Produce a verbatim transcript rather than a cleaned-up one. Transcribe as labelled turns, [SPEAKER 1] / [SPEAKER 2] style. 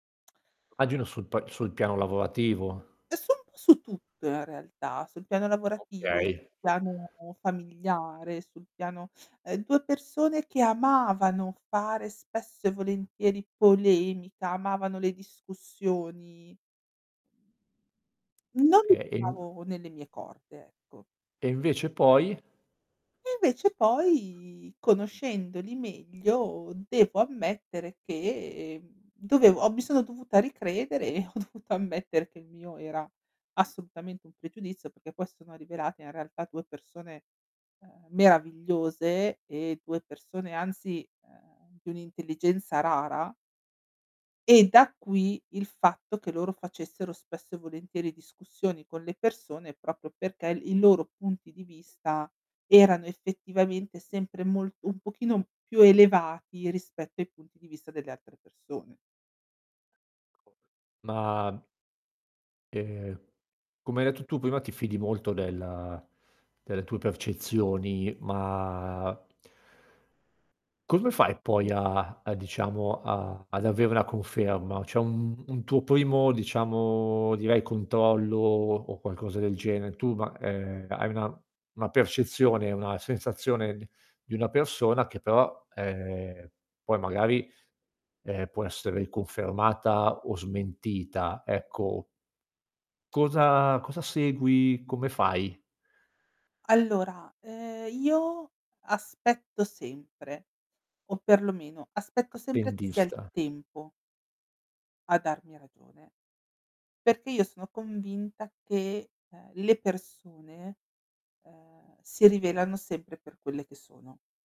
[SPEAKER 1] magino sul pa sul piano lavorativo.
[SPEAKER 2] È u un pò su tutto in realtà, sul piano lavorativo, sul
[SPEAKER 1] Okay.
[SPEAKER 2] piano familiare sul piano, ehm, due persone che amavano fare spesso e volentieri polemica, amavano le discussioni. Non li
[SPEAKER 1] Okay, e mh
[SPEAKER 2] trovavo nelle mie corde, ecco.
[SPEAKER 1] E invece poi?
[SPEAKER 2] E invece poi conoscendoli meglio, devo ammettere che, mhmm, dovevo ho mi sono dovuta ricredere e ho dovuto ammettere che il mio era assolutamente un pregiudizio perché poi si sono rivelate in realtà due persone, ehm, meravigliose e due persone, anzi, ehm, di un'intelligenza rara. E da qui, il fatto che loro facessero spesso e volentieri discussioni con le persone proprio perché il i loro punti di vista erano effettivamente sempre molto un pochino più elevati rispetto ai punti di vista delle altre persone.
[SPEAKER 1] [unintelligible] Ma ehm, come hai detto tu prima ti fidi molto della delle tue percezioni, ma come fai poi a a diciamo a ad avere la conferma? C'è un un tuo primo diciamo, direi controllo o o qualcosa del genere? Tu ma ehm, hai una una percezione, una sensazione d di una persona che però, ehm, poi magari, ehm, può essere riconfermata o smentita, ecco cosa cosa segui? Come fai?
[SPEAKER 2] Allora, ehm, io aspetto sempre, o perlomeno aspetto sempre che sia il
[SPEAKER 1] Attendista.
[SPEAKER 2] tempo a darmi ragione, perché io sono convinta che, ehm, le persone, ehm, si rivelano sempre per quelle che sono.